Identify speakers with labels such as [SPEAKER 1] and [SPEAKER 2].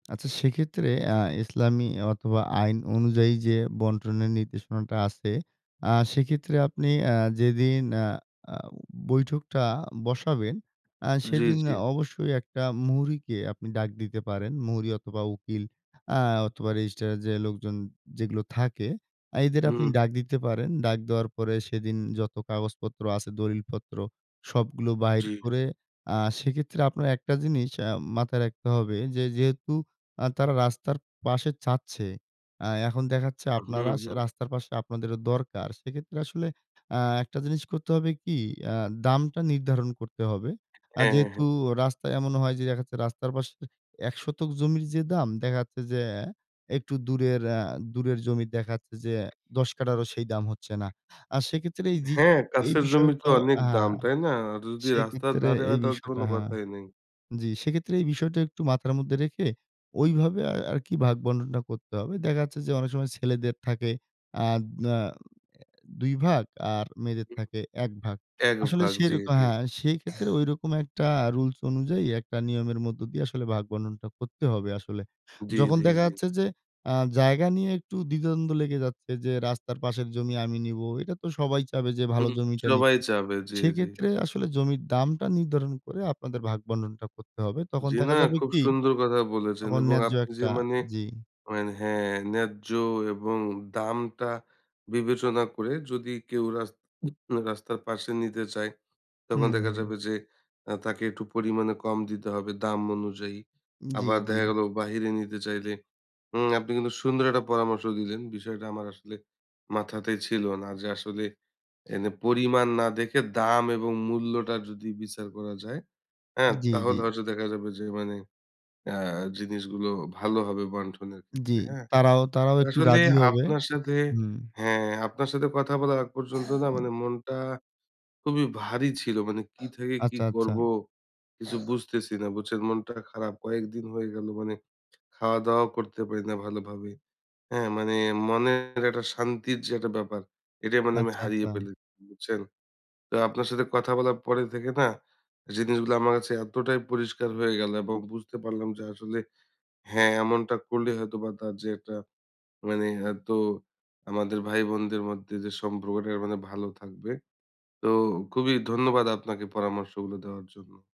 [SPEAKER 1] আচ্ছা সেক্ষেত্রে আ ইসলামী অথবা আইন অনুযায়ী যে বন্টনের নির্দেশনাটা আছে আ সেক্ষেত্রে আপনি আ যেদিন আ আ বৈঠকটা বসাবেন আ
[SPEAKER 2] জি,
[SPEAKER 1] সেদিন
[SPEAKER 2] জি।
[SPEAKER 1] অবশ্যই একটা মুহুরিকে আপনি ডাক দিতে পারেন। মুহুরী অথবা উকিল আ অথবা রেজিস্ট্রারের যে লোকজন যেগুলো থাকে আ এদের আপনি
[SPEAKER 2] হুম।
[SPEAKER 1] ডাক দিতে পারেন। ডাক দেওয়ার পরে সেদিন যত কাগজপত্র আছে, দলিলপত্র সবগুলো বাহির
[SPEAKER 2] জি।
[SPEAKER 1] করে আ সেক্ষেত্রে আপনার একটা জিনিস আ মাথায় রাখতে হবে যে যেহেতু আ তারা রাস্তার পাশে চাচ্ছে, আ এখন দেখাচ্ছে
[SPEAKER 2] হুম,
[SPEAKER 1] আপনারা স্য
[SPEAKER 2] হুম।
[SPEAKER 1] রাস্তার পাশে আপনাদেরও দরকার। সেক্ষেত্রে আসলে আ একটা জিনিস করতে হবে কি
[SPEAKER 2] হু,
[SPEAKER 1] আ
[SPEAKER 2] হু।
[SPEAKER 1] দামটা নির্ধারণ করতে হবে। আ
[SPEAKER 2] হ্যাঁ, হ্যাঁ, হ্যাঁ।
[SPEAKER 1] যেহেতু রাস্তায় এমন হয় যে দেখাচ্ছে রাস্তার পাশের ১ শতক জমির যে দাম দেখাচ্ছে যে একটু দূরের অ্যা দূরের জমি দেখাচ্ছে যে ১০ কাঠারও সেই দাম হচ্ছে না। আর সেক্ষেত্রে এই জি
[SPEAKER 2] হ্যাঁ,
[SPEAKER 1] এই
[SPEAKER 2] কাছের জমি তো
[SPEAKER 1] বিষয়টাও
[SPEAKER 2] অনেক
[SPEAKER 1] আ
[SPEAKER 2] দাম,
[SPEAKER 1] হ্যাঁ,
[SPEAKER 2] তাই না? আর যদি রাস্তার
[SPEAKER 1] সেক্ষেত্রে
[SPEAKER 2] ধারে হয়
[SPEAKER 1] এই
[SPEAKER 2] তাহলে তো কোন
[SPEAKER 1] বিষয়টা হ্যাঁ।
[SPEAKER 2] কথাই নেই।
[SPEAKER 1] জি, সেক্ষেত্রে এই বিষয়টা একটু মাথার মধ্যে রেখে ওইভাবে আ আরকি ভাগ-বণ্টনট করতে হবে। দেখা যাচ্ছে যে অনেক সময় ছেলেদের থাকে আদ নীয়াও অ্যা ২ ভাগ আর মেয়েদের
[SPEAKER 2] উ
[SPEAKER 1] থাকে ১ ভাগ।
[SPEAKER 2] এক
[SPEAKER 1] আসলে
[SPEAKER 2] ভাগ
[SPEAKER 1] সেই
[SPEAKER 2] জি,
[SPEAKER 1] রক
[SPEAKER 2] জি।
[SPEAKER 1] হ্যাঁ, সেক্ষেত্রে ঐরকম একটা রুলস অনুযায়ী একটা নিয়মের মধ্য দিয়ে আসলে ভাগ-বণ্টনটা করতে হবে আসলে।
[SPEAKER 2] জি,
[SPEAKER 1] যখন
[SPEAKER 2] জি,
[SPEAKER 1] দেখা
[SPEAKER 2] জি।
[SPEAKER 1] যাচ্ছে যে আ জায়গা নিয়ে একটু দ্বিধা-দ্বন্দ্ব লেগে যাচ্ছে যে, রাস্তার পাশের জমি আমি নিবো। এটা তো সবাই চাবে যে ভালো
[SPEAKER 2] হুম,
[SPEAKER 1] জমিটা
[SPEAKER 2] সবাই
[SPEAKER 1] নিতে।
[SPEAKER 2] চাবে জি, জি।
[SPEAKER 1] সেক্ষেত্রে আসলে জমির দামটা নির্ধারণ করে আপনাদের ভাগ-বণ্টনটা করতে হবে। তখন
[SPEAKER 2] জি না
[SPEAKER 1] দেখা যাবে
[SPEAKER 2] খুব
[SPEAKER 1] কি,
[SPEAKER 2] সুন্দর কথা বলেছেন
[SPEAKER 1] তখন
[SPEAKER 2] এবং
[SPEAKER 1] ন্যায্য
[SPEAKER 2] আপনি যে
[SPEAKER 1] একটা
[SPEAKER 2] মানে
[SPEAKER 1] জি।
[SPEAKER 2] মানে হ্যাঁ, ন্যায্য এবং দামটা বিবেচনা করে যদি কেউ রাস্তা রাস্তার পাশে নিতে চায় তখন দেখা
[SPEAKER 1] উহুম।
[SPEAKER 2] যাবে যে আ তাকে একটু পরিমাণে কম দিতে হবে দাম অনুযায়ী।
[SPEAKER 1] জি,
[SPEAKER 2] আবার
[SPEAKER 1] জি।
[SPEAKER 2] দেখা গেলো বাহিরে নিতে চাইলে উম আপনি কিন্তু সুন্দর একটা পরামর্শ দিলেন বিষয়টা আমার আসলে মাথাতেই ছিল না যে আসলে এনে পরিমাণ না দেখে দাম এবং মূল্যটা যদি বিচার করা যায় অ্যা
[SPEAKER 1] জি, জি।
[SPEAKER 2] তাহলে হয়তো দেখা যাবে যে মানে আ জিনিসগুলো ভালো হবে বন্টনের ক্ষেত্রে
[SPEAKER 1] জি
[SPEAKER 2] হ্যাঁ।
[SPEAKER 1] তারাও, তারাও একটু
[SPEAKER 2] আসলে
[SPEAKER 1] রাজি হবে।
[SPEAKER 2] আপনার সাথে
[SPEAKER 1] হুম।
[SPEAKER 2] হ্যাঁ, আপনার সাথে কথা বলার আগ পর্যন্ত না মানে মনটা খুবই ভারী ছিল। মানে কি থেকে কি
[SPEAKER 1] আচ্ছা, আচ্ছা।
[SPEAKER 2] করব কিছু বুঝতেছি না। বুঝছেন মনটা খারাপ। কয়েকদিন হয়ে গেলো মানে খাওয়াত-দাওয়াও করতে পারি না ভালোভাবে। অ্যা মানে মনের একটা শান্তির যে একটা ব্যাপার এটাই মানে আমি
[SPEAKER 1] আচ্ছা,
[SPEAKER 2] হারিয়ে
[SPEAKER 1] আচ্ছা।
[SPEAKER 2] ফেলেছি। বুঝছেন? তো আপনার সাথে কথা বলার পরে থেকে না জিনিসগুলা আমার কাছে এতটাই পরিষ্কার হয়ে গেল এবং বুঝতে পারলাম যে আসলে হ্যাঁ, এমনটা করলে হয়তো বা তার যে একটা মানে অ্যা তো আমাদের ভাই-বোনদের মধ্যে, যে সম্পর্কটা মানে ভালো থাকবে। তো খুবই ধন্যবাদ আপনাকে পরামর্শগুলো দেওয়ার জন্য।